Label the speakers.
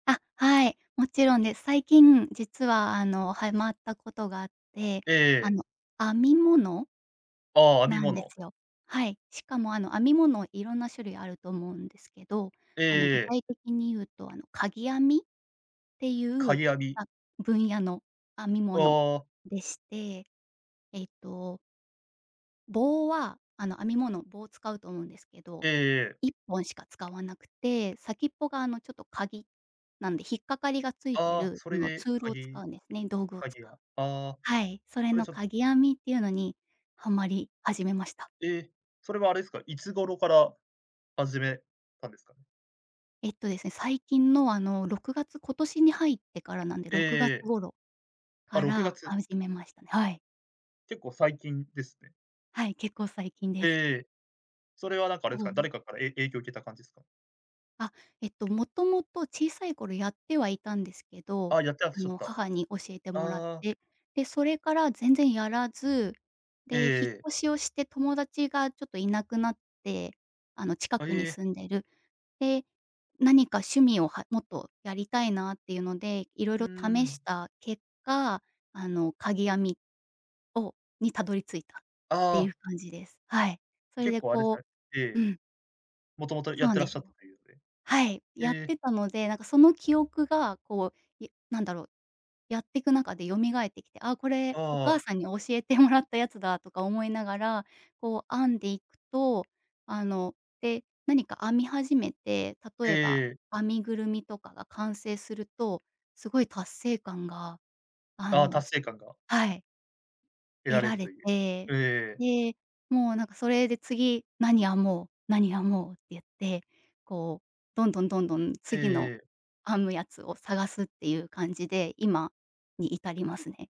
Speaker 1: あ、はい。もちろんです。最近、実はあのはいまったことがあって、
Speaker 2: え
Speaker 1: あ
Speaker 2: え。
Speaker 1: の、編み物
Speaker 2: ああ、編み
Speaker 1: なんで
Speaker 2: 物。
Speaker 1: すよ。はい。しかもあの編み物色んな種類あると思うんですけど、
Speaker 2: え
Speaker 1: あの具
Speaker 2: えええ。
Speaker 1: 体的に言うとあのかぎ編みってい
Speaker 2: か
Speaker 1: う、
Speaker 2: ぎ編み。
Speaker 1: あ、分野の編み
Speaker 2: あ
Speaker 1: 物
Speaker 2: あ。
Speaker 1: でして、えっと棒はあの、編み物、棒を使うと思うんですけど、
Speaker 2: ええええ。
Speaker 1: 1本しか使わなくて、先っぽがあのちょっと鉤、なんで引っ掛かりがついて
Speaker 2: ああ、
Speaker 1: る、
Speaker 2: そ
Speaker 1: そ
Speaker 2: れ
Speaker 1: の
Speaker 2: で、
Speaker 1: ツール
Speaker 2: か
Speaker 1: を使
Speaker 2: ぎ
Speaker 1: うんですね、道具を
Speaker 2: か
Speaker 1: 使
Speaker 2: ぎあ
Speaker 1: う。
Speaker 2: ああ。
Speaker 1: はい、それ
Speaker 2: それ
Speaker 1: の
Speaker 2: ちょっと
Speaker 1: かぎ編みっていうのにはまり始めました。
Speaker 2: え。それはあれですか、いつ頃から始めたんですかね？
Speaker 1: えっとですね、最近のあの6月今年に入ってからなんで、
Speaker 2: ええ
Speaker 1: 6月
Speaker 2: ええ。
Speaker 1: 頃
Speaker 2: あ、
Speaker 1: か
Speaker 2: ろくが
Speaker 1: ら
Speaker 2: つ。
Speaker 1: 始めましたね。はい。
Speaker 2: 結構最近ですね。
Speaker 1: はい、結構最近で
Speaker 2: ええ
Speaker 1: す。
Speaker 2: ええ。それはなんかあれです
Speaker 1: そう
Speaker 2: か、
Speaker 1: な
Speaker 2: 誰
Speaker 1: ん
Speaker 2: かからえい影響を受けた感じですか？
Speaker 1: あ、えっともともと小さい頃やってはいたんですけど、
Speaker 2: ああ、やってらっ
Speaker 1: あ
Speaker 2: しゃっ
Speaker 1: の
Speaker 2: た。あ
Speaker 1: 母に教えてもらっ
Speaker 2: あ。
Speaker 1: て。で、それから全然やらず、
Speaker 2: ええ
Speaker 1: で、引っ
Speaker 2: ええ。
Speaker 1: 越しをして友達がちょっといなくなって、あの近
Speaker 2: あ、
Speaker 1: くに
Speaker 2: へえ。
Speaker 1: 住んでる。で、何か趣味をはもっとやりたいなっていうので、いろい
Speaker 2: うー
Speaker 1: ろ試し
Speaker 2: ん。
Speaker 1: た結果、あの、かぎ編みをにたどり着いたっ
Speaker 2: あ
Speaker 1: てい
Speaker 2: あ。
Speaker 1: う感じです。はい。そ
Speaker 2: あ、
Speaker 1: れ
Speaker 2: 結
Speaker 1: で
Speaker 2: 構あれですか
Speaker 1: こ
Speaker 2: ね。え
Speaker 1: う
Speaker 2: え。
Speaker 1: うん。
Speaker 2: もともと
Speaker 1: そ
Speaker 2: や
Speaker 1: う
Speaker 2: っ
Speaker 1: なん
Speaker 2: てらっ
Speaker 1: です
Speaker 2: しゃ
Speaker 1: よ。
Speaker 2: ったというので。
Speaker 1: はい、
Speaker 2: え
Speaker 1: やっ
Speaker 2: え。
Speaker 1: てたので、なんかその記憶がこう、やなんだろう、やってく中で蘇ってきて、あ、これお
Speaker 2: あ
Speaker 1: 母
Speaker 2: あ。
Speaker 1: さんに教えてもらったやつだとか思いながら、こう編んでいくと、あの、で、何か編み始めて、
Speaker 2: え
Speaker 1: 例
Speaker 2: え
Speaker 1: えば、
Speaker 2: ええ。
Speaker 1: 編みぐるみとかが完成すると、すごい達成感が、あ
Speaker 2: ああ、
Speaker 1: のす
Speaker 2: 達成感が
Speaker 1: はい。
Speaker 2: 得
Speaker 1: 得
Speaker 2: られ
Speaker 1: ら
Speaker 2: る
Speaker 1: れ
Speaker 2: という。
Speaker 1: て、
Speaker 2: う、ええ。
Speaker 1: で、もうなんかそれで次何編もう、何編もうって言って、こうどんどんどんどん
Speaker 2: ええ
Speaker 1: 次の
Speaker 2: ええ。
Speaker 1: 編むやつを探すっていう感じで、今に至りますね。